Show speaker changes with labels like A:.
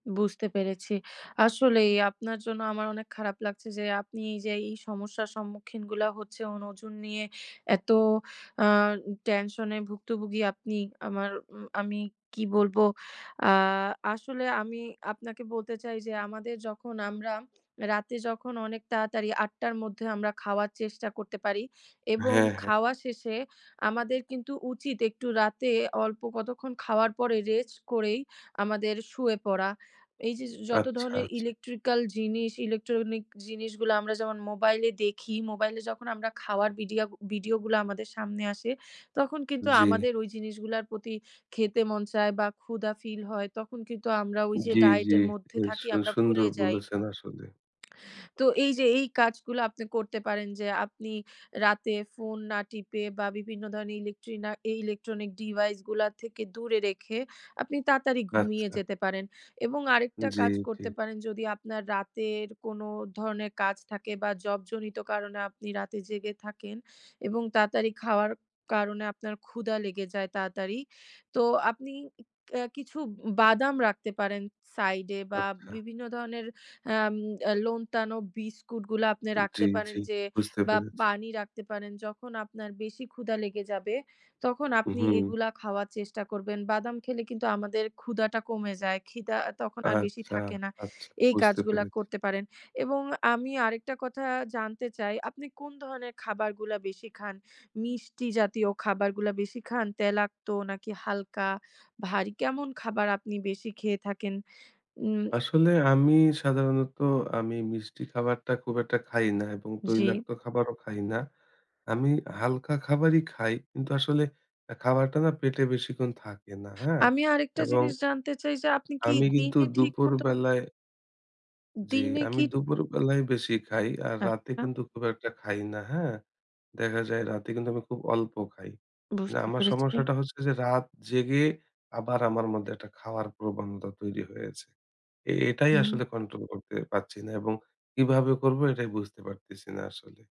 A: বুঝতে পেরেছি। আসলেই, আপনার জন্য আমার অনেক খারাপ লাগছে যে, আপনি এই যে এই সমস্যার সম্মুখীনগুলা হচ্ছে ওজন নিয়ে, এত আ উ টেনশন এ ভুক্তভুগি আপনি, আমার, আমি কি বলবো? আ আসলে আমি আপনাকে বলতে চাই যে, আমাদের যখন আমরা রাতে যখন অনেক তাড়াতাড়ি, ০৮ঃ০০ 'র মধ্যে আমরা খাওয়ার চেষ্টা করতে পারি এবং
B: হ্যাঁ, হ্যাঁ।
A: খাওয়া শেষে আমাদের কিন্তু উচিত একটু রাতে অল্প কতক্ষণ খাওয়ার পরে, রেস্ট করেই আমাদের শুয়ে পরা। এই যে, যে যত
B: আচ্ছা,
A: ধরণের
B: আচ্ছা।
A: ইলেকট্রিক্যাল জিনিস, ইলেকট্রনিক জিনিসগুলো আমরা যেমন মোবাইলে দেখি, মোবাইলে যখন আমরা খাওয়ার ভিডিঅ ভিডিওগুলো আমাদের সামনে আসে, তখন কিন্তু
B: জি।
A: আমাদের ওই জিনিসগুলোর প্রতি খেতে মন চায় বা ক্ষুধা ফিল হয়। তখন কিন্তু আমরা ওই যে
B: জি, জি।
A: ডায়েটের মধ্যে
B: এ
A: থাকি,
B: সু
A: আমরা
B: সুন্দর
A: ভুলে যাই।
B: বলেছেন আসলে।
A: তো এই যে এই কাজগুলো আপনি করতে পারেন যে, আপনি রাতে ফোন না টিপে বা বিভিন্ন ধরনের ইলেক্ট্রিনা ইলেকট্রনিক ডিভাইস গুলা থেকে, দূরে রেখে, আপনি তাড়াতাড়ি ঘুমিয়ে
B: আচ্ছা।
A: যেতে পারেন। এবং আরেকটা
B: জি,
A: কাজ
B: জি।
A: করতে পারেন যদি আপনার রাতের কোন ধরনের কাজ থাকে বা জবজনিত কারণে আপনি রাতে জেগে থাকেন এবং তাড়াতাড়ি খাওয়ার কারণে আপনার ক্ষুধা লেগে যায়, তাড়াতাড়ি। তো আপনি ক্যা কিছু বাদাম রাখতে পারেন সাইড এ বা
B: আচ্ছা।
A: বিভিন্ন ধরনের অ্যাম আ নোনতা বিস্কুটগুলো আপনি
B: জি,
A: রাখতে
B: জি।
A: পারেন যে,
B: বুঝতে
A: বা
B: পেরেছি।
A: পানি রাখতে পারেন। যখন আপনার বেশি ক্ষুধা লেগে যাবে, তখন
B: উ
A: আপনি
B: হুম।
A: এগুলা খাওয়ার চেষ্টা করবেন। বাদাম খেলে কিন্তু আমাদের ক্ষুধাটা কমে যায়। ক্ষিদা তখন আর বেশি
B: আচ্ছা,
A: থাকে না,
B: আচ্ছা।
A: এই
B: বুঝতে
A: কাজগুলা
B: পেরেছি।
A: করতে পারেন। এবং আমি আরেকটা কথা জানতে চাই, আপনি কোন ধরনের খাবারগুলা বেশি খান? মিষ্টি জাতীয় খাবারগুলা বেশি খান? তেলাক্ত নাকি হালকা? ভারী? কেমন খাবার আপনি বেশি খেয়ে থাকেন? উম
B: আসলে আমি সাধারণত আমি মিষ্টি খাবারটা খুব একটা খাই না এবং
A: জি।
B: তৈলাক্ত খাবারও খাই না। আমি হালকা খাবারই খাই। কিন্তু আসলে এ খাবারটা না? পেটে বেশিক্ষণ থাকে না, হ্যাঁ?
A: আমি আরেকটা
B: এবং
A: জিনিস জানতে চাই যে, আপনি কি
B: আমি কিন্তু
A: দিনে ঠিক
B: দুপুর
A: মতো
B: বেলায় জি,
A: দিনে
B: আমি
A: কি
B: দুপুরবেলায় বেশি খাই। আর রাতে
A: আচ্ছা।
B: কিন্তু খুব একটা খাই না, হ্যাঁ? দেখা যায় রাতে কিন্তু আমি খুব অল্প খাই।
A: বুঝতে
B: আমার
A: পেরেছি।
B: সমস্যাটা হচ্ছে যে, রাত জেগে আবার আমার মধ্যে একটা খাও য়ার প্রবণতা তৈরি হয়েছে। এ এটাই
A: হুম।
B: আসলে কন্ট্রোল করতে পারছি না এবং কিভাবে করব? এটাই বুঝতে পারতেছি না আসলে।